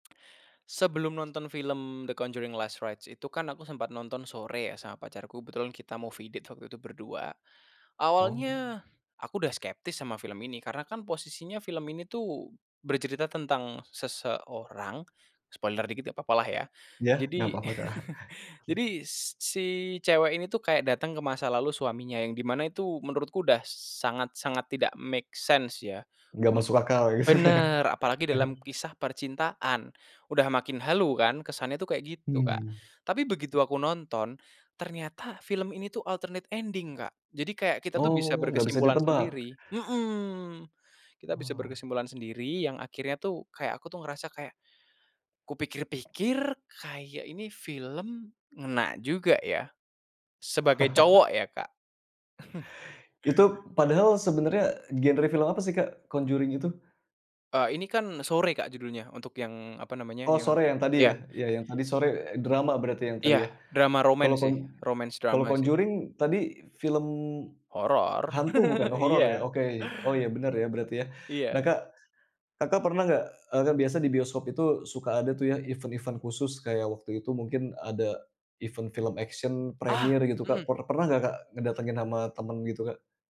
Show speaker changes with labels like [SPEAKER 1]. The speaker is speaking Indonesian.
[SPEAKER 1] Sebelum nonton film The Conjuring Last Rites itu kan aku sempat nonton Sore ya sama pacarku kebetulan kita movie date waktu itu berdua,
[SPEAKER 2] Oh.
[SPEAKER 1] awalnya, aku udah skeptis sama film ini karena kan posisinya film ini tuh, bercerita tentang seseorang, spoiler dikit ya gak apa-apalah ya,
[SPEAKER 2] Iya gak
[SPEAKER 1] jadi,
[SPEAKER 2] apa-apa Kak.
[SPEAKER 1] jadi si cewek ini tuh kayak datang ke masa lalu suaminya yang di mana itu menurutku udah sangat sangat tidak make sense ya,
[SPEAKER 2] Gak
[SPEAKER 1] un
[SPEAKER 2] masuk akal gitu ya.
[SPEAKER 1] bener apalagi dalam kisah percintaan, udah makin halu kan kesannya tuh kayak gitu Kak,
[SPEAKER 2] Mmm.
[SPEAKER 1] tapi begitu aku nonton, ternyata film ini tuh alternate ending Kak, jadi kayak kita tuh bisa
[SPEAKER 2] Oh gak bisa
[SPEAKER 1] berkesimpulan
[SPEAKER 2] ditebak.
[SPEAKER 1] sendiri, mhm, kita bisa
[SPEAKER 2] Wow.
[SPEAKER 1] berkesimpulan sendiri yang akhirnya tuh kayak aku tuh ngerasa kayak, kupikir-pikir kayak ini film ngena juga ya, sebagai cowok ya Kak.
[SPEAKER 2] Itu padahal sebenarnya genre film apa sih Kak, Conjuring itu?
[SPEAKER 1] Eee, ini kan Sore Kak, judulnya untuk yang apa namanya
[SPEAKER 2] Oh
[SPEAKER 1] yang
[SPEAKER 2] Sore yang tadi
[SPEAKER 1] iya.
[SPEAKER 2] ya? Ya yang tadi Sore drama berarti yang tadi
[SPEAKER 1] Iya
[SPEAKER 2] ya,
[SPEAKER 1] drama
[SPEAKER 2] kalau
[SPEAKER 1] romance
[SPEAKER 2] con
[SPEAKER 1] sih, romance
[SPEAKER 2] kalau
[SPEAKER 1] drama sih.
[SPEAKER 2] Conjuring tadi film,
[SPEAKER 1] Horor
[SPEAKER 2] hantu bukan? Horor ya
[SPEAKER 1] iya.
[SPEAKER 2] oke, oh iya benar ya berarti ya.
[SPEAKER 1] E
[SPEAKER 2] Nah
[SPEAKER 1] iya.
[SPEAKER 2] Kak, Kakak, pernah nggak, eee, kan biasa di bioskop itu suka ada tuh ya event-event khusus kayak waktu itu mungkin ada, event film action
[SPEAKER 1] Ah,
[SPEAKER 2] premiere gitu Kak,
[SPEAKER 1] mhm.
[SPEAKER 2] per pernah nggak Kak, ngedatengin sama temen gitu Kak?